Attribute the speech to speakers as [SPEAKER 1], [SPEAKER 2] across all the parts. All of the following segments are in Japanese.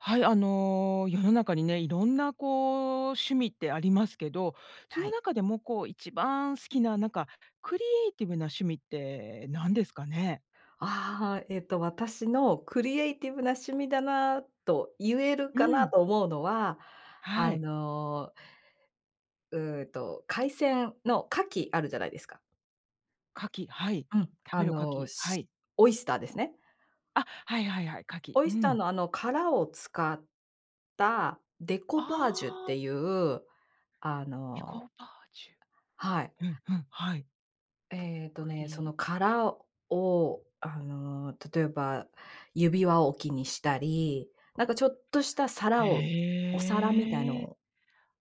[SPEAKER 1] はい、あの、世の中にね、色んなこう、趣味ってありますけど、そ
[SPEAKER 2] は
[SPEAKER 1] の
[SPEAKER 2] い。
[SPEAKER 1] 中でもこう、一番好きな、なんか、クリエイティブな趣味ってなんですかね？
[SPEAKER 2] ああ、えっと私のクリエイティブな趣味だなと言える
[SPEAKER 1] う
[SPEAKER 2] かな
[SPEAKER 1] ん。
[SPEAKER 2] と思うのは、あ
[SPEAKER 1] はい。
[SPEAKER 2] のうーんと、海鮮の牡蠣あるじゃないですか。
[SPEAKER 1] 牡蠣、はい。
[SPEAKER 2] うん、
[SPEAKER 1] 食
[SPEAKER 2] あ
[SPEAKER 1] べる牡
[SPEAKER 2] の
[SPEAKER 1] 蠣、は
[SPEAKER 2] し
[SPEAKER 1] い。
[SPEAKER 2] オイスターですね。
[SPEAKER 1] あ、はいはいはい。牡蠣。
[SPEAKER 2] オ
[SPEAKER 1] う
[SPEAKER 2] イスター
[SPEAKER 1] ん。
[SPEAKER 2] のあの殻を使った、デコ
[SPEAKER 1] あ
[SPEAKER 2] パージュって
[SPEAKER 1] あ。
[SPEAKER 2] いう、あ
[SPEAKER 1] デコ
[SPEAKER 2] の
[SPEAKER 1] バージ
[SPEAKER 2] はい。
[SPEAKER 1] ュ。うんうん、はい。
[SPEAKER 2] ええっと
[SPEAKER 1] く
[SPEAKER 2] ね、そ
[SPEAKER 1] り
[SPEAKER 2] の殻を、あの例えば、指輪置きにしたり、なんかちょっとした皿をお皿みたいの
[SPEAKER 1] へえ。
[SPEAKER 2] を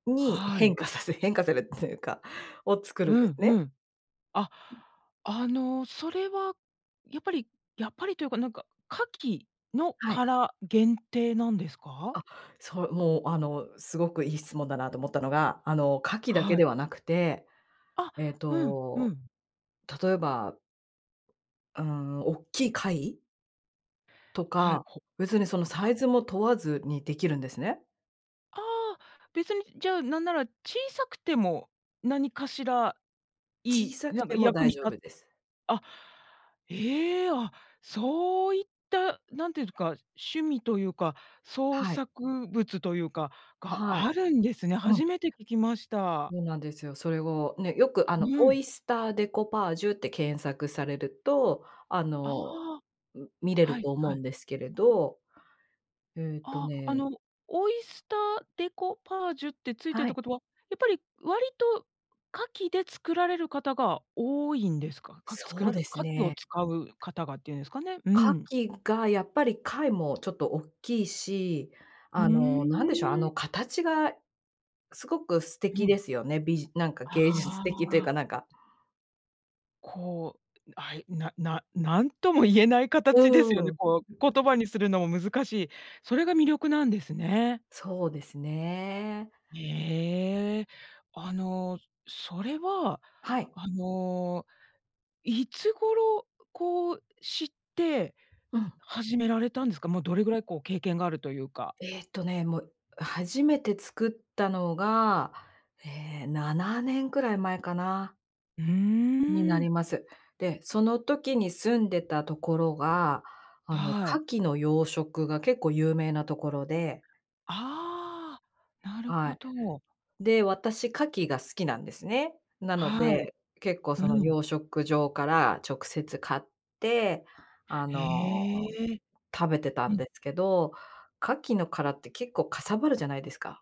[SPEAKER 2] に
[SPEAKER 1] は
[SPEAKER 2] 変
[SPEAKER 1] い。
[SPEAKER 2] 化させ変化されるっていうか、を作るん
[SPEAKER 1] う
[SPEAKER 2] です
[SPEAKER 1] ん
[SPEAKER 2] ね。
[SPEAKER 1] うん。あ、あのそれは、やっぱりやっぱりというかなんか、牡蠣の
[SPEAKER 2] はい。
[SPEAKER 1] 殻、限定なんですか？
[SPEAKER 2] あ、そう、もうあのすごくいい質問だなと思ったのが、あの牡蠣だけ
[SPEAKER 1] は
[SPEAKER 2] で
[SPEAKER 1] い。
[SPEAKER 2] はなくて、
[SPEAKER 1] あ、
[SPEAKER 2] ええ
[SPEAKER 1] うんう
[SPEAKER 2] と、
[SPEAKER 1] ん。
[SPEAKER 2] 例えばうーん、大っきい貝？と
[SPEAKER 1] はい、
[SPEAKER 2] か。
[SPEAKER 1] ほ、
[SPEAKER 2] 別にその
[SPEAKER 1] ほ
[SPEAKER 2] サ
[SPEAKER 1] た。
[SPEAKER 2] イズも問わずにできるんですね。
[SPEAKER 1] ああ。別に、じゃあなんなら小さくても、何かしらい
[SPEAKER 2] 小
[SPEAKER 1] い、
[SPEAKER 2] さく
[SPEAKER 1] なんか
[SPEAKER 2] ても
[SPEAKER 1] 役
[SPEAKER 2] 大
[SPEAKER 1] に
[SPEAKER 2] 丈
[SPEAKER 1] た
[SPEAKER 2] 夫です。
[SPEAKER 1] あ、ええ！あ、そういった、何て言うんすか、趣味というか、創
[SPEAKER 2] はい。
[SPEAKER 1] 作物というかが
[SPEAKER 2] はい。
[SPEAKER 1] あるんですね。
[SPEAKER 2] うん。
[SPEAKER 1] 初めて聞きました。
[SPEAKER 2] そうなんですよ。それを、ね、よくあの、
[SPEAKER 1] う
[SPEAKER 2] オ
[SPEAKER 1] ん。
[SPEAKER 2] イスターデコパージュって検索されると、あ
[SPEAKER 1] あ
[SPEAKER 2] の、
[SPEAKER 1] あ。
[SPEAKER 2] う見れ
[SPEAKER 1] は
[SPEAKER 2] る
[SPEAKER 1] い、
[SPEAKER 2] と思
[SPEAKER 1] は
[SPEAKER 2] う
[SPEAKER 1] い。
[SPEAKER 2] んですけれど。ええと
[SPEAKER 1] ああ、あ
[SPEAKER 2] ね
[SPEAKER 1] の、オイスターデコパージュってついてる
[SPEAKER 2] は
[SPEAKER 1] って
[SPEAKER 2] い。
[SPEAKER 1] ことは、やっぱり割と牡蠣で作られる方が多いんですか？牡蠣作
[SPEAKER 2] そう
[SPEAKER 1] らる
[SPEAKER 2] です
[SPEAKER 1] 牡蠣を
[SPEAKER 2] ね。
[SPEAKER 1] 使う方がっていうんですかね。う
[SPEAKER 2] 牡
[SPEAKER 1] ん。
[SPEAKER 2] 蠣がやっぱり貝もちょっとおっきいし、
[SPEAKER 1] う
[SPEAKER 2] あの、なんでしょう、あ
[SPEAKER 1] ー
[SPEAKER 2] の
[SPEAKER 1] ん。
[SPEAKER 2] 形が、すごく素
[SPEAKER 1] う
[SPEAKER 2] 敵
[SPEAKER 1] ん。
[SPEAKER 2] ですよね。びじなんか
[SPEAKER 1] あ
[SPEAKER 2] 芸術的という
[SPEAKER 1] あ。
[SPEAKER 2] かなんか。
[SPEAKER 1] こう、あい、なな何とも言えない
[SPEAKER 2] う
[SPEAKER 1] 形ですよ
[SPEAKER 2] ー
[SPEAKER 1] ね、
[SPEAKER 2] ん。
[SPEAKER 1] こう、言葉にするのも難しい。それが魅力なんですね。
[SPEAKER 2] そうですね。
[SPEAKER 1] ええ。あの、それは、
[SPEAKER 2] はい。
[SPEAKER 1] あの、いつ頃こう、知って
[SPEAKER 2] うん。
[SPEAKER 1] 始められたんですか？もうどれぐらいこう経験があるというか。
[SPEAKER 2] えっとね、もう初めて作ったのが、ええ、7年くらい前かな。
[SPEAKER 1] う
[SPEAKER 2] にな
[SPEAKER 1] ーん。
[SPEAKER 2] ります。で、その時に住んでたところが、あの、
[SPEAKER 1] はい。
[SPEAKER 2] 牡蠣の養殖が結構有名なところで。
[SPEAKER 1] ああ、なる
[SPEAKER 2] は
[SPEAKER 1] ほ
[SPEAKER 2] い。
[SPEAKER 1] ど。
[SPEAKER 2] で、私牡蠣が好きなんですね。なの
[SPEAKER 1] はい。
[SPEAKER 2] で、結構
[SPEAKER 1] う
[SPEAKER 2] その
[SPEAKER 1] ん。
[SPEAKER 2] 養殖場から直接買って、あ
[SPEAKER 1] へ
[SPEAKER 2] の、
[SPEAKER 1] え。
[SPEAKER 2] 食べてた
[SPEAKER 1] う
[SPEAKER 2] ん
[SPEAKER 1] ん。
[SPEAKER 2] ですけど、牡蠣の殻って結構かさばるじゃないですか。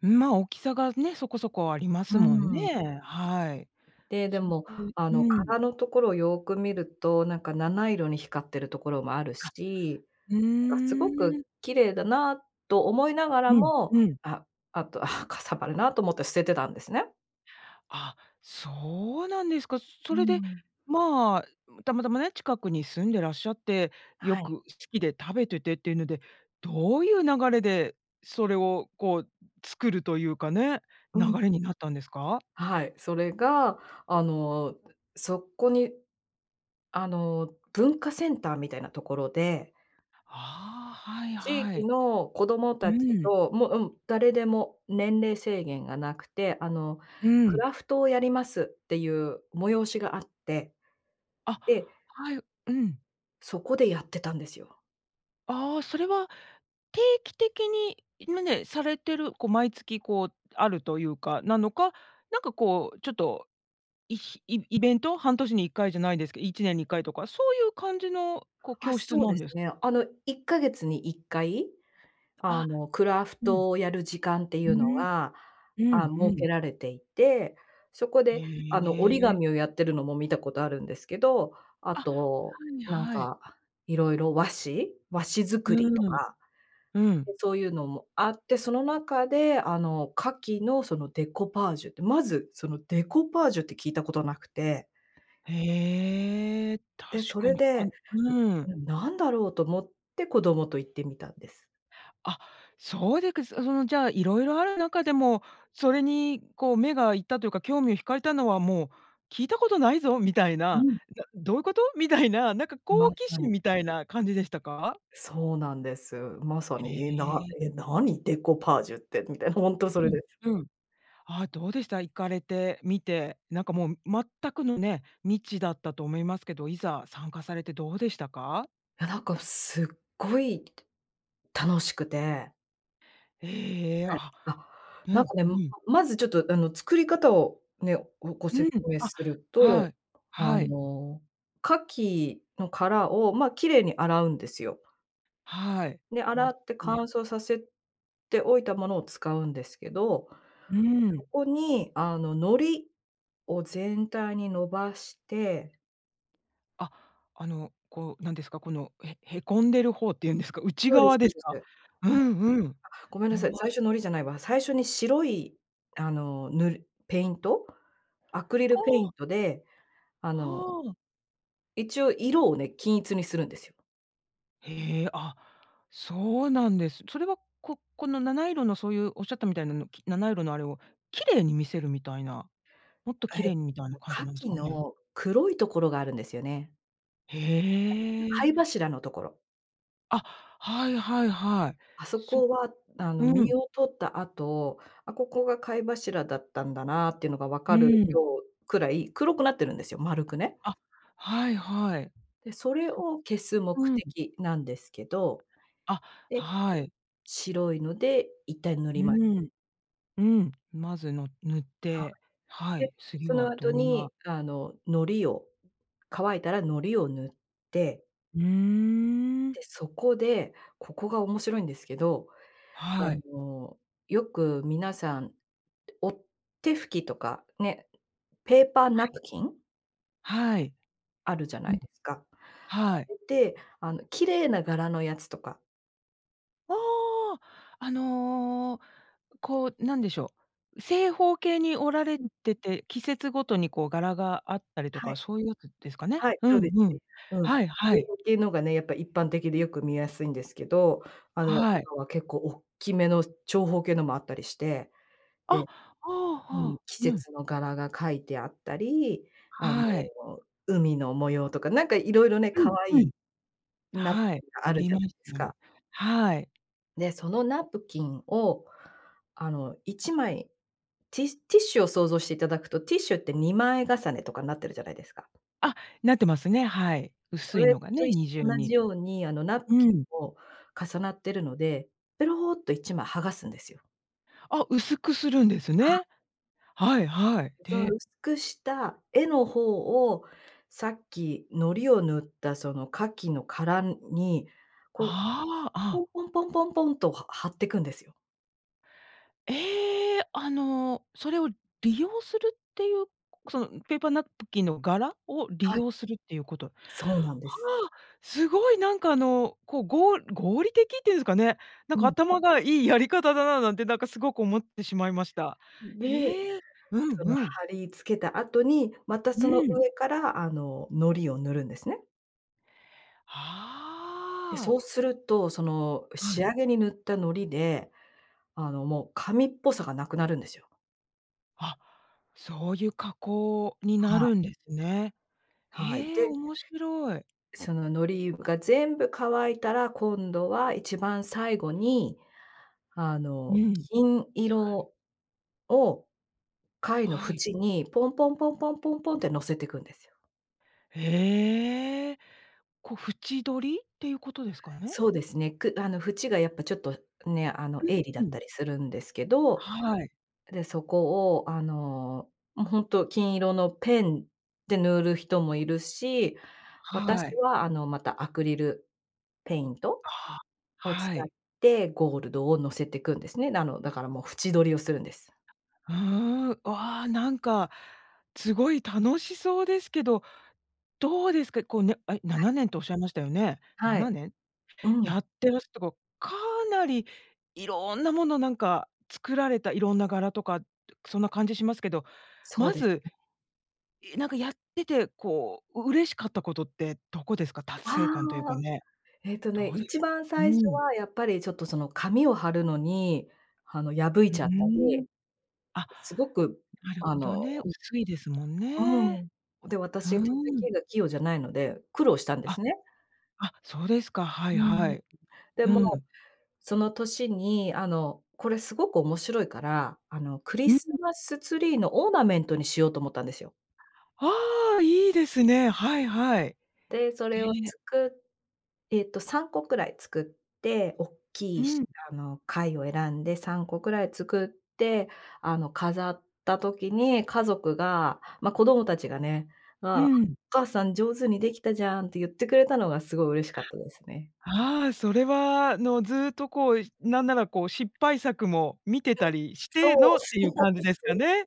[SPEAKER 1] うん、まあ、大きさがね、そこそこありま
[SPEAKER 2] う
[SPEAKER 1] すもん
[SPEAKER 2] ーん。
[SPEAKER 1] ね。はい。
[SPEAKER 2] で、で
[SPEAKER 1] それ
[SPEAKER 2] も、
[SPEAKER 1] で
[SPEAKER 2] あの、
[SPEAKER 1] うん。
[SPEAKER 2] 殻のところをよく見ると、なんか七色に光ってるところもある
[SPEAKER 1] あ、
[SPEAKER 2] し、
[SPEAKER 1] う
[SPEAKER 2] なんかすご
[SPEAKER 1] ー
[SPEAKER 2] く
[SPEAKER 1] ん。
[SPEAKER 2] 綺麗だなと思いながら
[SPEAKER 1] うん、
[SPEAKER 2] も、
[SPEAKER 1] うん。
[SPEAKER 2] ああとは、かさばるなと思って捨ててたんですね。
[SPEAKER 1] あ、そうなんですか。
[SPEAKER 2] う
[SPEAKER 1] それで、
[SPEAKER 2] ん。
[SPEAKER 1] まあ、たまたまね、近くに住んでらっしゃって、よ
[SPEAKER 2] はい。
[SPEAKER 1] く好きで食べててっていうので、どういう流れで、それをこう作るというかね、
[SPEAKER 2] う
[SPEAKER 1] 流
[SPEAKER 2] ん。
[SPEAKER 1] れになったんですか？
[SPEAKER 2] はい。それがあの、そこに、あの、文化センターみたいなところで
[SPEAKER 1] ああ、はい
[SPEAKER 2] 地
[SPEAKER 1] は
[SPEAKER 2] 域
[SPEAKER 1] い。
[SPEAKER 2] の子ども
[SPEAKER 1] う
[SPEAKER 2] たち
[SPEAKER 1] ん。
[SPEAKER 2] と、もううん、誰でも年齢制限がなくて、あの、
[SPEAKER 1] う
[SPEAKER 2] ク
[SPEAKER 1] ん。
[SPEAKER 2] ラフトをやりますっていう催しがあって。
[SPEAKER 1] あ、
[SPEAKER 2] で
[SPEAKER 1] はい。うん。
[SPEAKER 2] そこでやってたんですよ。
[SPEAKER 1] ああ、それは定期的に、ま、ねえ、されてるこう毎月、こうあるというか、なのか、なんかこう、ちょっと、いひイイベント？半年に1回じゃないですけど、1年に1回とか、そういう感じのこう
[SPEAKER 2] あ、
[SPEAKER 1] 教室
[SPEAKER 2] そう
[SPEAKER 1] な
[SPEAKER 2] で
[SPEAKER 1] ん
[SPEAKER 2] す
[SPEAKER 1] です
[SPEAKER 2] ね。あの1か月に1回、あ
[SPEAKER 1] あ、
[SPEAKER 2] のクラフ
[SPEAKER 1] うん。
[SPEAKER 2] トをやる時間ってい
[SPEAKER 1] う
[SPEAKER 2] うの
[SPEAKER 1] ーん。
[SPEAKER 2] が、
[SPEAKER 1] うん
[SPEAKER 2] あ、
[SPEAKER 1] う
[SPEAKER 2] 設
[SPEAKER 1] ん。
[SPEAKER 2] けられていて、そこ
[SPEAKER 1] へ
[SPEAKER 2] であの折り
[SPEAKER 1] え。
[SPEAKER 2] 紙をやってるのも見たことあるんですけど、あ
[SPEAKER 1] あ、
[SPEAKER 2] と、
[SPEAKER 1] はい
[SPEAKER 2] なん
[SPEAKER 1] はい。
[SPEAKER 2] か、色々和紙？和紙
[SPEAKER 1] う
[SPEAKER 2] 作りと
[SPEAKER 1] ーん。
[SPEAKER 2] か、
[SPEAKER 1] うん。
[SPEAKER 2] で、そういうのもあって、その中であの牡蠣のそのデコパージュって、まずそのデコパージュって聞いたことなくて
[SPEAKER 1] へえ。確
[SPEAKER 2] で、そ
[SPEAKER 1] か
[SPEAKER 2] れ
[SPEAKER 1] に。
[SPEAKER 2] で、
[SPEAKER 1] あんうん。
[SPEAKER 2] んん、これなんだろうと思って子供と行ってみたんです。
[SPEAKER 1] あ、そうでくすそのじゃあ色々ある中でも、それにこう目がいったというか興味を引かれたのは、もう聞いたことないぞみたい
[SPEAKER 2] う
[SPEAKER 1] な、
[SPEAKER 2] ん。
[SPEAKER 1] や、どういうこと？みたいな、なんか
[SPEAKER 2] ま
[SPEAKER 1] 好奇
[SPEAKER 2] さ
[SPEAKER 1] 心
[SPEAKER 2] に。
[SPEAKER 1] みたいな感じでしたか？
[SPEAKER 2] そうなんです。まさ
[SPEAKER 1] へ
[SPEAKER 2] に、え、な
[SPEAKER 1] え。
[SPEAKER 2] え、何？デコパージュってみたいな。ほんとそれ
[SPEAKER 1] う
[SPEAKER 2] です。
[SPEAKER 1] ん、うん。あ、どうでした？行かれてみて。なんかもう全くのね、未知だったと思いますけど、いざ参加されてどうでしたか？
[SPEAKER 2] や、なんか、すっごい楽しくて。
[SPEAKER 1] ええ、
[SPEAKER 2] はい、
[SPEAKER 1] あ、
[SPEAKER 2] あ、
[SPEAKER 1] う
[SPEAKER 2] なん
[SPEAKER 1] ん、
[SPEAKER 2] かね、
[SPEAKER 1] う
[SPEAKER 2] ん、
[SPEAKER 1] ん。
[SPEAKER 2] まずちょっと、あの、作り方をね、ごご
[SPEAKER 1] う
[SPEAKER 2] 説
[SPEAKER 1] ん。
[SPEAKER 2] 明
[SPEAKER 1] あ、
[SPEAKER 2] する
[SPEAKER 1] は
[SPEAKER 2] と、
[SPEAKER 1] い。
[SPEAKER 2] あ
[SPEAKER 1] はい。
[SPEAKER 2] の、牡蠣の殻を、ま、綺麗に洗うんですよ。
[SPEAKER 1] はい。
[SPEAKER 2] で、
[SPEAKER 1] 洗っ
[SPEAKER 2] 洗って乾
[SPEAKER 1] て。
[SPEAKER 2] 燥させておいたものを使うんですけど、
[SPEAKER 1] うー
[SPEAKER 2] そ
[SPEAKER 1] ん。
[SPEAKER 2] こに、あの、のりを全体に伸ばして。
[SPEAKER 1] あ、あの、こう、なんですか、このへへこんでる方っていうんですか、内
[SPEAKER 2] そうです
[SPEAKER 1] 側で
[SPEAKER 2] そう
[SPEAKER 1] す
[SPEAKER 2] です。は
[SPEAKER 1] か？
[SPEAKER 2] い。
[SPEAKER 1] う
[SPEAKER 2] あ、
[SPEAKER 1] んうん。
[SPEAKER 2] ごめんな
[SPEAKER 1] 伸
[SPEAKER 2] さい、
[SPEAKER 1] ば
[SPEAKER 2] 最初のりじゃないわ。最初に白いあの、塗る、ペイント、アクリル
[SPEAKER 1] あ
[SPEAKER 2] ペイ
[SPEAKER 1] あ。
[SPEAKER 2] ントで、あの
[SPEAKER 1] はあ。
[SPEAKER 2] 一応色をね、均一にするんですよ。
[SPEAKER 1] へえ、あ、そうなんです。それは、ここの七色のそういうおっしゃったみたいなの、七色のあれを綺麗に見せるみたいな、もっと綺
[SPEAKER 2] え、
[SPEAKER 1] 麗にみたいな感じなんです
[SPEAKER 2] 牡蠣
[SPEAKER 1] かね。
[SPEAKER 2] の黒いところがあるんですよね。
[SPEAKER 1] へ
[SPEAKER 2] 貝
[SPEAKER 1] え。
[SPEAKER 2] 柱のところ。
[SPEAKER 1] あ、はいはいはい。
[SPEAKER 2] あそ
[SPEAKER 1] そ、
[SPEAKER 2] こはあの
[SPEAKER 1] う
[SPEAKER 2] 実
[SPEAKER 1] ん。
[SPEAKER 2] を取った後、あ、ここが貝柱だったんだなっていうのが分
[SPEAKER 1] う
[SPEAKER 2] かる
[SPEAKER 1] ーん。
[SPEAKER 2] ようくらい、黒くなってるんですよ、丸くね。
[SPEAKER 1] あ、はいはい。
[SPEAKER 2] で、それ
[SPEAKER 1] そ、
[SPEAKER 2] を消す目
[SPEAKER 1] うん。
[SPEAKER 2] 的なんですけど、
[SPEAKER 1] あ、
[SPEAKER 2] で、
[SPEAKER 1] はい。
[SPEAKER 2] 白いので一帯塗
[SPEAKER 1] う
[SPEAKER 2] ります。
[SPEAKER 1] ーん。うん、まずの、塗っ
[SPEAKER 2] は
[SPEAKER 1] て、は
[SPEAKER 2] い。で、
[SPEAKER 1] い、次
[SPEAKER 2] そ
[SPEAKER 1] は
[SPEAKER 2] の後
[SPEAKER 1] どん
[SPEAKER 2] に
[SPEAKER 1] な。
[SPEAKER 2] あの糊を乾いたら糊を塗って。
[SPEAKER 1] うーん。
[SPEAKER 2] で、そこで、ここが面白いんですけど、あ
[SPEAKER 1] はい。
[SPEAKER 2] の、よく皆さん、お手拭きとか、ね、ペーパー
[SPEAKER 1] は
[SPEAKER 2] ナ
[SPEAKER 1] い。
[SPEAKER 2] プキン？
[SPEAKER 1] はい。
[SPEAKER 2] あるじゃな
[SPEAKER 1] うん。
[SPEAKER 2] いですか。あ
[SPEAKER 1] はい。
[SPEAKER 2] れってあの綺麗な柄のやつとか。
[SPEAKER 1] おお、あの、こう、何でしょう、正方形に折られ
[SPEAKER 2] うん。
[SPEAKER 1] てて、季節ごとにこう柄があったりと
[SPEAKER 2] は
[SPEAKER 1] か、
[SPEAKER 2] い。
[SPEAKER 1] そういうやつですかね。
[SPEAKER 2] はい、
[SPEAKER 1] う
[SPEAKER 2] そうで
[SPEAKER 1] んう
[SPEAKER 2] す
[SPEAKER 1] ん。
[SPEAKER 2] ね。うん。
[SPEAKER 1] はいは
[SPEAKER 2] 正
[SPEAKER 1] い。
[SPEAKER 2] 方形のがね、やっぱり一般的でよく見やすいんですけど、あの
[SPEAKER 1] はい。
[SPEAKER 2] 今は結構大っきめの、長方形のもあったりして、
[SPEAKER 1] あ、
[SPEAKER 2] で、
[SPEAKER 1] はあは
[SPEAKER 2] うん、
[SPEAKER 1] あ、
[SPEAKER 2] 季
[SPEAKER 1] うん。
[SPEAKER 2] 節の柄が書いてあったり、あの、
[SPEAKER 1] はい。
[SPEAKER 2] 海の模様とか、なんか色々ね、
[SPEAKER 1] う
[SPEAKER 2] 可
[SPEAKER 1] ん
[SPEAKER 2] 愛
[SPEAKER 1] う
[SPEAKER 2] い
[SPEAKER 1] ん。
[SPEAKER 2] ナプ
[SPEAKER 1] はい、
[SPEAKER 2] キンが
[SPEAKER 1] あ
[SPEAKER 2] ある
[SPEAKER 1] り
[SPEAKER 2] じゃ
[SPEAKER 1] ま
[SPEAKER 2] ない
[SPEAKER 1] す
[SPEAKER 2] です
[SPEAKER 1] ね。
[SPEAKER 2] か。
[SPEAKER 1] はい。
[SPEAKER 2] で、そのナプキンを、あの1枚、ティティッシュを想像していただくと、ティッシュって2枚重ねとかになってるじゃないですか。
[SPEAKER 1] あ、なってますね。はい。
[SPEAKER 2] そ
[SPEAKER 1] 薄い
[SPEAKER 2] れ
[SPEAKER 1] のが
[SPEAKER 2] と
[SPEAKER 1] ね、
[SPEAKER 2] いっ
[SPEAKER 1] 二
[SPEAKER 2] し
[SPEAKER 1] 重
[SPEAKER 2] 同じ
[SPEAKER 1] に。
[SPEAKER 2] ように、あのナプ
[SPEAKER 1] う
[SPEAKER 2] キン
[SPEAKER 1] ん。
[SPEAKER 2] も重なってるので、ペロっと1枚剥がすんですよ。
[SPEAKER 1] あ、薄くするんです
[SPEAKER 2] は
[SPEAKER 1] ね。はいはい。
[SPEAKER 2] そう、
[SPEAKER 1] で
[SPEAKER 2] 薄くした絵の方を、さっき糊を塗ったその牡蠣の殻に、こう、
[SPEAKER 1] ああ、あ。
[SPEAKER 2] ポンポンポンポンポンと、は貼ってくんですよ。
[SPEAKER 1] ええ、あのそれを利用するっていう、そのペーパーナプキンの柄を利
[SPEAKER 2] はい。
[SPEAKER 1] 用するっていうこと、は
[SPEAKER 2] そうなんです。
[SPEAKER 1] あ、すごい、なんかあの、こう、ご合理的っていうんですかね、なん
[SPEAKER 2] う
[SPEAKER 1] か
[SPEAKER 2] ん。
[SPEAKER 1] 頭がいいやり方だな、なんてなんかすごく思ってしまいました。
[SPEAKER 2] で、
[SPEAKER 1] へえ、うん
[SPEAKER 2] その
[SPEAKER 1] うん。
[SPEAKER 2] 貼り付けた後に、また
[SPEAKER 1] う
[SPEAKER 2] その
[SPEAKER 1] ん。
[SPEAKER 2] 上からあの、糊を塗るんですね。で、
[SPEAKER 1] はあ。
[SPEAKER 2] そうすると、その
[SPEAKER 1] は
[SPEAKER 2] 仕
[SPEAKER 1] い。
[SPEAKER 2] 上げに塗った糊で、あのもう紙っぽさがなくなるんですよ。
[SPEAKER 1] あ、そういう加工にな
[SPEAKER 2] はい。
[SPEAKER 1] るんですね。
[SPEAKER 2] はい、
[SPEAKER 1] へえ、
[SPEAKER 2] で
[SPEAKER 1] 面白い。
[SPEAKER 2] そののりが全部乾いたら、今度は一番最後に、あ
[SPEAKER 1] う
[SPEAKER 2] の、
[SPEAKER 1] ん。
[SPEAKER 2] 金
[SPEAKER 1] そ、はい。
[SPEAKER 2] 色を、貝の
[SPEAKER 1] はい。
[SPEAKER 2] 縁にポンポンポンポンポンポンって乗せていくんですよ。
[SPEAKER 1] へえ。こう、縁取りっていうことですかね？
[SPEAKER 2] そうですね、くあの縁がやっぱちょっとね、あの、
[SPEAKER 1] う、
[SPEAKER 2] 鋭利だ
[SPEAKER 1] う
[SPEAKER 2] っ
[SPEAKER 1] ん。
[SPEAKER 2] たりするんですけど。
[SPEAKER 1] はい。
[SPEAKER 2] で、そこを、あの、もう、ほんと、金色のペンで塗る人もいるし、
[SPEAKER 1] は
[SPEAKER 2] 私
[SPEAKER 1] い。
[SPEAKER 2] は、あの、またアクリルペイント？
[SPEAKER 1] は、
[SPEAKER 2] を使っ
[SPEAKER 1] はい。
[SPEAKER 2] て、ゴールドを乗せてくんですね。あの、だから、も、縁取りをするんです。
[SPEAKER 1] うーん。わあ、なんか、すごい楽しそうですけど、どうですか？こう、ね、あれ、な
[SPEAKER 2] はい。
[SPEAKER 1] なねんとおっしゃいましたよね？な
[SPEAKER 2] は
[SPEAKER 1] な
[SPEAKER 2] い。
[SPEAKER 1] ねん？
[SPEAKER 2] う
[SPEAKER 1] や
[SPEAKER 2] ん。
[SPEAKER 1] ってらしたか、かなり色んなもの、なんか、作られた、色んな柄とかそんな感じしますけど。
[SPEAKER 2] そう
[SPEAKER 1] ま
[SPEAKER 2] です
[SPEAKER 1] ず、
[SPEAKER 2] ね。
[SPEAKER 1] いなんか、やってて、こう、嬉しかったことってどこですか？達
[SPEAKER 2] あ
[SPEAKER 1] 成感というか
[SPEAKER 2] あ。
[SPEAKER 1] ね。
[SPEAKER 2] えっとね、
[SPEAKER 1] どう
[SPEAKER 2] い
[SPEAKER 1] です？
[SPEAKER 2] ちばん
[SPEAKER 1] う
[SPEAKER 2] 最初
[SPEAKER 1] ん。
[SPEAKER 2] は、やっぱり、ちょっと、その、紙を貼るのに、あの、破い
[SPEAKER 1] うー
[SPEAKER 2] ちゃったり
[SPEAKER 1] ん、あ、
[SPEAKER 2] すごく、
[SPEAKER 1] なる
[SPEAKER 2] あ
[SPEAKER 1] ほど
[SPEAKER 2] の
[SPEAKER 1] ね、薄いですもんね。
[SPEAKER 2] うん。で、
[SPEAKER 1] ふー
[SPEAKER 2] 私、手
[SPEAKER 1] ん。
[SPEAKER 2] 先が器用じゃないので、苦労したんです
[SPEAKER 1] あ、
[SPEAKER 2] ね。
[SPEAKER 1] あ、そうですか。はい
[SPEAKER 2] う
[SPEAKER 1] は
[SPEAKER 2] ん。
[SPEAKER 1] い。
[SPEAKER 2] で
[SPEAKER 1] う
[SPEAKER 2] も、
[SPEAKER 1] ん。
[SPEAKER 2] その年に、あの、これ、すごく面白いから、あの、クリ
[SPEAKER 1] うん。
[SPEAKER 2] スマスツリーのオーナメントにしようと思ったんですよ。
[SPEAKER 1] ああ、いいですね。はい、はい。
[SPEAKER 2] で、それを
[SPEAKER 1] で
[SPEAKER 2] つくえっと3個くらい作って、おっき
[SPEAKER 1] う
[SPEAKER 2] い、し
[SPEAKER 1] ん。
[SPEAKER 2] あの貝を選んで3個くらい作って、あの、飾った時に家族が、ま、子供たちがね、
[SPEAKER 1] う
[SPEAKER 2] 「あ、
[SPEAKER 1] ーん。
[SPEAKER 2] お母さん上手にできたじゃん」って言ってくれたのが、すごい嬉しかったですね。
[SPEAKER 1] あ、ああ、それは、あの、ずっと、こう、なんなら、こう、失敗作も見てたりして
[SPEAKER 2] そ
[SPEAKER 1] の
[SPEAKER 2] う
[SPEAKER 1] ってい
[SPEAKER 2] そ
[SPEAKER 1] う
[SPEAKER 2] う
[SPEAKER 1] 感じです
[SPEAKER 2] そ
[SPEAKER 1] か
[SPEAKER 2] う
[SPEAKER 1] ね？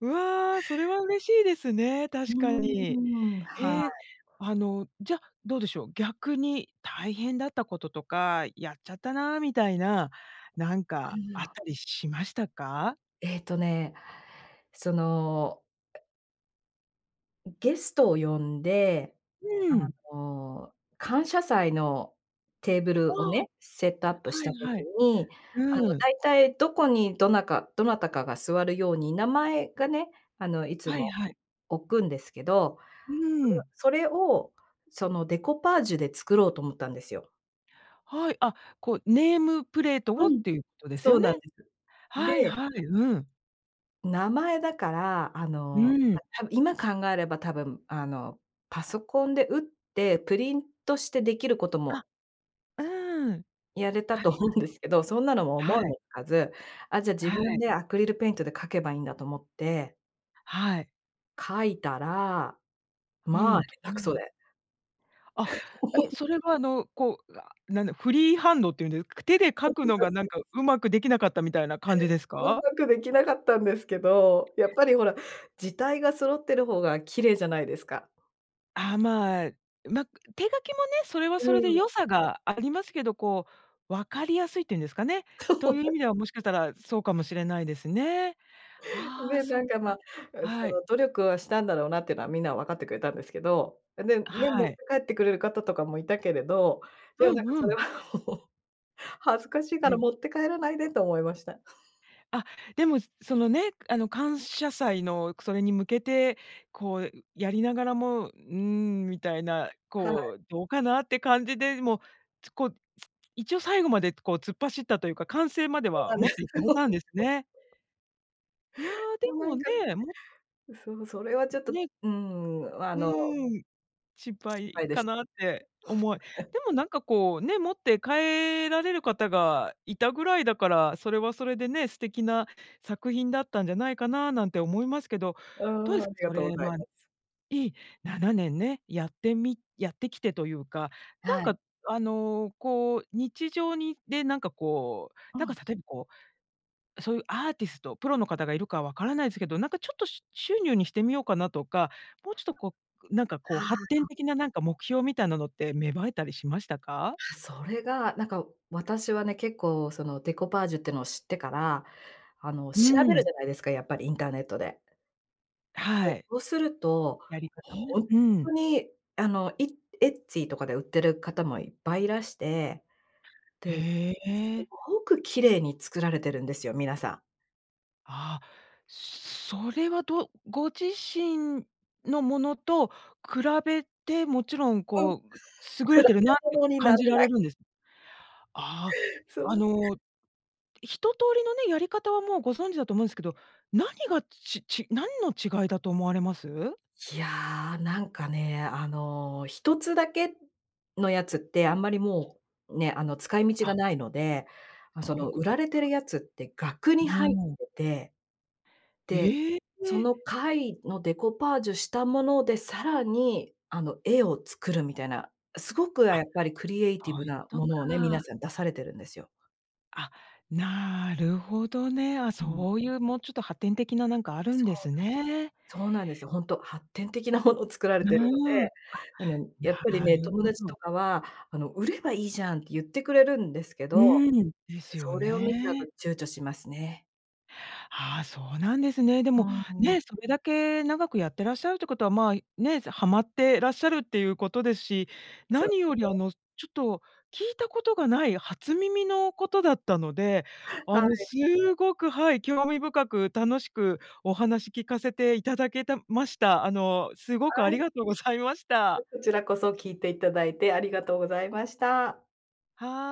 [SPEAKER 1] わあ、それは嬉しいですね、
[SPEAKER 2] う
[SPEAKER 1] 確
[SPEAKER 2] ー
[SPEAKER 1] かに。
[SPEAKER 2] ん、は
[SPEAKER 1] へえ。
[SPEAKER 2] い。
[SPEAKER 1] あの、じゃ、どうでしょう、逆に大変だったこととか、やっちゃったなみたいな、なんか、あ
[SPEAKER 2] は
[SPEAKER 1] っ
[SPEAKER 2] あ。
[SPEAKER 1] たりしましたか？
[SPEAKER 2] えっとね、そのゲストを呼んで、
[SPEAKER 1] う
[SPEAKER 2] あ
[SPEAKER 1] ん。
[SPEAKER 2] の、感謝祭のテーブ
[SPEAKER 1] あ
[SPEAKER 2] ルを
[SPEAKER 1] あ、
[SPEAKER 2] ね、セットアップし
[SPEAKER 1] は
[SPEAKER 2] た
[SPEAKER 1] いは
[SPEAKER 2] 時
[SPEAKER 1] い。
[SPEAKER 2] に、あの、
[SPEAKER 1] うーん。
[SPEAKER 2] だいたい、どこにどなかどなたかが座るように名前がね、あの、いつ
[SPEAKER 1] はい
[SPEAKER 2] も
[SPEAKER 1] はい。
[SPEAKER 2] 置くんですけど、
[SPEAKER 1] うーん。
[SPEAKER 2] そそれを、そのデコパージュで作ろうと思ったんですよ。
[SPEAKER 1] はい、あ、こう、ネームプレート
[SPEAKER 2] う
[SPEAKER 1] をっ
[SPEAKER 2] ん、
[SPEAKER 1] ていうことです
[SPEAKER 2] そ
[SPEAKER 1] よ
[SPEAKER 2] う
[SPEAKER 1] ね。
[SPEAKER 2] なんです。
[SPEAKER 1] はい
[SPEAKER 2] で
[SPEAKER 1] はい、うん。
[SPEAKER 2] 名前だから、あ
[SPEAKER 1] う
[SPEAKER 2] の、
[SPEAKER 1] ーん。
[SPEAKER 2] た多分今考えれば多分、あの、パソコンで打って、プリントしてできること
[SPEAKER 1] あ、
[SPEAKER 2] も
[SPEAKER 1] うーん。
[SPEAKER 2] やれた
[SPEAKER 1] はい
[SPEAKER 2] と思うんですけど、そんなのも
[SPEAKER 1] は
[SPEAKER 2] 思
[SPEAKER 1] い。
[SPEAKER 2] い
[SPEAKER 1] はい。
[SPEAKER 2] もつかず、あ、じゃあ自
[SPEAKER 1] は
[SPEAKER 2] 分
[SPEAKER 1] い。
[SPEAKER 2] でアクリルペイントで書けばいいんだと思って
[SPEAKER 1] はい。
[SPEAKER 2] 書いたら、
[SPEAKER 1] う
[SPEAKER 2] ま
[SPEAKER 1] ん、
[SPEAKER 2] あ、
[SPEAKER 1] ど
[SPEAKER 2] 下手く
[SPEAKER 1] う
[SPEAKER 2] そ
[SPEAKER 1] なる。
[SPEAKER 2] で。
[SPEAKER 1] あ。え、それは、あの、こう、ななんだ、フリーハンドって言うんで、く手で
[SPEAKER 2] そ
[SPEAKER 1] 書
[SPEAKER 2] う
[SPEAKER 1] く
[SPEAKER 2] なん
[SPEAKER 1] のが、なん
[SPEAKER 2] です。
[SPEAKER 1] か、うまくできなかったみたいな感じです
[SPEAKER 2] うん
[SPEAKER 1] か？
[SPEAKER 2] まくできなかったんですけど、やっぱり、ほら、字体が揃ってる方が綺麗じゃないですか？
[SPEAKER 1] ああ、まあ、ま、手書きもね、それは
[SPEAKER 2] う
[SPEAKER 1] それで
[SPEAKER 2] ん。
[SPEAKER 1] 良さがありますけど、こう、分かりやすいっていうんですかね、
[SPEAKER 2] そうな
[SPEAKER 1] という意
[SPEAKER 2] ん。
[SPEAKER 1] 味ではもしかしたら、そうかもしれないですね。ああ、
[SPEAKER 2] で、
[SPEAKER 1] そ
[SPEAKER 2] な
[SPEAKER 1] っ
[SPEAKER 2] んか、
[SPEAKER 1] か。
[SPEAKER 2] ま、そ
[SPEAKER 1] はい。
[SPEAKER 2] の、努力はしたんだろうなっていうのはみんな分かってくれたんですけど。で、
[SPEAKER 1] あ、
[SPEAKER 2] ね、持
[SPEAKER 1] は
[SPEAKER 2] って
[SPEAKER 1] い。
[SPEAKER 2] 帰ってくれる方とかもいたけれど、でも、
[SPEAKER 1] う
[SPEAKER 2] なん
[SPEAKER 1] ん
[SPEAKER 2] か、
[SPEAKER 1] う
[SPEAKER 2] それ
[SPEAKER 1] ん。
[SPEAKER 2] は、ほ恥ずかしいから 持って帰らないでと思いました。
[SPEAKER 1] あ、でも、その、ね、あの、感謝祭のそれに向けて、こう、やりながらも、うーん、みたいな、
[SPEAKER 2] はい。
[SPEAKER 1] こう、どうかなって感じで、でも、つこ、一応最後まで、こう、突っ走ったというか、完成まで
[SPEAKER 2] そう
[SPEAKER 1] は
[SPEAKER 2] なんで
[SPEAKER 1] 持っ
[SPEAKER 2] す
[SPEAKER 1] ていか
[SPEAKER 2] よ。
[SPEAKER 1] れたんですね。いや、で
[SPEAKER 2] もうな
[SPEAKER 1] も
[SPEAKER 2] んか、
[SPEAKER 1] ね、も
[SPEAKER 2] そう、それはちょっと、
[SPEAKER 1] ね。
[SPEAKER 2] うん、あ
[SPEAKER 1] う
[SPEAKER 2] の
[SPEAKER 1] ーん、失
[SPEAKER 2] 失
[SPEAKER 1] 敗
[SPEAKER 2] 敗で
[SPEAKER 1] か
[SPEAKER 2] し
[SPEAKER 1] なっ
[SPEAKER 2] た。
[SPEAKER 1] て思い。で
[SPEAKER 2] はい。
[SPEAKER 1] も、なんか、こう、ね、持って帰られる方がいたぐらいだから、それはそれでね、素敵な作品だったんじゃないかななんて思いますけど、
[SPEAKER 2] うー
[SPEAKER 1] どうで
[SPEAKER 2] ん、あ
[SPEAKER 1] すか、
[SPEAKER 2] りが
[SPEAKER 1] そ
[SPEAKER 2] とうご
[SPEAKER 1] れ
[SPEAKER 2] ざい
[SPEAKER 1] は。
[SPEAKER 2] ます。
[SPEAKER 1] いい、７年ね、やってみやってきてというか。なん
[SPEAKER 2] はい。
[SPEAKER 1] か、あの、こう、日常に、で、なんか、こう、
[SPEAKER 2] う
[SPEAKER 1] なんか、
[SPEAKER 2] ん。
[SPEAKER 1] 例えば、こう、そういうアーティスト、プロの方がいるかはわからないすけど、なんか、ちょっと、しゅ収入にしてみようかなとか、もうちょっと、こう、なんか、こう、発展
[SPEAKER 2] は。
[SPEAKER 1] 的な、なんか、目標みたいなのって芽生えたりしました？
[SPEAKER 2] あ、それが、なんか、私はね、結構、その、デコパージュってのを知ってから、あの、
[SPEAKER 1] う
[SPEAKER 2] 調
[SPEAKER 1] ー
[SPEAKER 2] べるじ
[SPEAKER 1] ん。
[SPEAKER 2] ゃないですか、やっぱりインターネットで。で、
[SPEAKER 1] はい。
[SPEAKER 2] そうすると、
[SPEAKER 1] やり方ね。
[SPEAKER 2] ほんっ
[SPEAKER 1] う
[SPEAKER 2] と
[SPEAKER 1] ん。
[SPEAKER 2] に、あの、いエッツィーとかで売ってる方もいっぱいいらして、で、
[SPEAKER 1] へ
[SPEAKER 2] す
[SPEAKER 1] え。
[SPEAKER 2] ごく綺麗に作られてるんですよ、皆さん。
[SPEAKER 1] あ、それはどうご自身のものと比べて、もちろん、
[SPEAKER 2] ほん比
[SPEAKER 1] こう、優れ
[SPEAKER 2] べ
[SPEAKER 1] てるなって
[SPEAKER 2] 物にな
[SPEAKER 1] 感
[SPEAKER 2] ら
[SPEAKER 1] じら
[SPEAKER 2] な
[SPEAKER 1] れ
[SPEAKER 2] い。
[SPEAKER 1] るんです？ああ、あ
[SPEAKER 2] そう。
[SPEAKER 1] の、一通りのね、やり方はもうご存知だと思うんすけど、何がちち何の違いだと思われます？
[SPEAKER 2] いや、なんかね、あの、一つだけのやつって、あんまりもう、ね、あの、使い道
[SPEAKER 1] あ。
[SPEAKER 2] がないので、ま、そ
[SPEAKER 1] そうい
[SPEAKER 2] の
[SPEAKER 1] うこ
[SPEAKER 2] 売
[SPEAKER 1] と。
[SPEAKER 2] られてるやつって額
[SPEAKER 1] う
[SPEAKER 2] に
[SPEAKER 1] ー
[SPEAKER 2] 入っ
[SPEAKER 1] ん。
[SPEAKER 2] てて、で、
[SPEAKER 1] へ
[SPEAKER 2] そ
[SPEAKER 1] え。
[SPEAKER 2] の貝のデコパージュしたもので、さらに、あの、絵を作るみたいな、すごく、あ、
[SPEAKER 1] あ、
[SPEAKER 2] やっぱりクリエイティ
[SPEAKER 1] そ
[SPEAKER 2] ブ
[SPEAKER 1] ういうこ
[SPEAKER 2] な
[SPEAKER 1] と
[SPEAKER 2] も
[SPEAKER 1] か。
[SPEAKER 2] のをね、皆さん出されてるんですよ。
[SPEAKER 1] あ、なるほどね。あ、
[SPEAKER 2] うん。
[SPEAKER 1] そういう、もうちょっと発展的ななんかある
[SPEAKER 2] そ
[SPEAKER 1] んで
[SPEAKER 2] う
[SPEAKER 1] す
[SPEAKER 2] なんです。
[SPEAKER 1] ね。
[SPEAKER 2] そうなんですよ。ほんと、発展的なもの作ら
[SPEAKER 1] う
[SPEAKER 2] れてるので、
[SPEAKER 1] ーん、あ、
[SPEAKER 2] あの、やっぱり
[SPEAKER 1] な
[SPEAKER 2] ね、
[SPEAKER 1] る
[SPEAKER 2] 友
[SPEAKER 1] ほ
[SPEAKER 2] 達
[SPEAKER 1] ど。
[SPEAKER 2] とかは、あの、売ればいいじゃんって言ってくれるんですけ
[SPEAKER 1] う
[SPEAKER 2] ど、
[SPEAKER 1] ーん、ですよ
[SPEAKER 2] それを見ちゃうと
[SPEAKER 1] ね。
[SPEAKER 2] 躊躇しますね。
[SPEAKER 1] ああ、そうなんですね。で
[SPEAKER 2] う
[SPEAKER 1] も、
[SPEAKER 2] ーん。
[SPEAKER 1] ね、それだけ長くやってらっしゃるってことは、ま、ね、はまってらっしゃるっていうことですし、
[SPEAKER 2] そう
[SPEAKER 1] 何より、
[SPEAKER 2] ね。
[SPEAKER 1] あの、ちょっと聞いたことがない初耳のことだったので、あ
[SPEAKER 2] は
[SPEAKER 1] の、
[SPEAKER 2] い。
[SPEAKER 1] すっごくはい、興味深く楽しくお話聞かせていただけたました。あの、すご
[SPEAKER 2] は
[SPEAKER 1] くあり
[SPEAKER 2] い。
[SPEAKER 1] がとうございました。
[SPEAKER 2] こちらこそ聞いていただいてありがとうございました。
[SPEAKER 1] は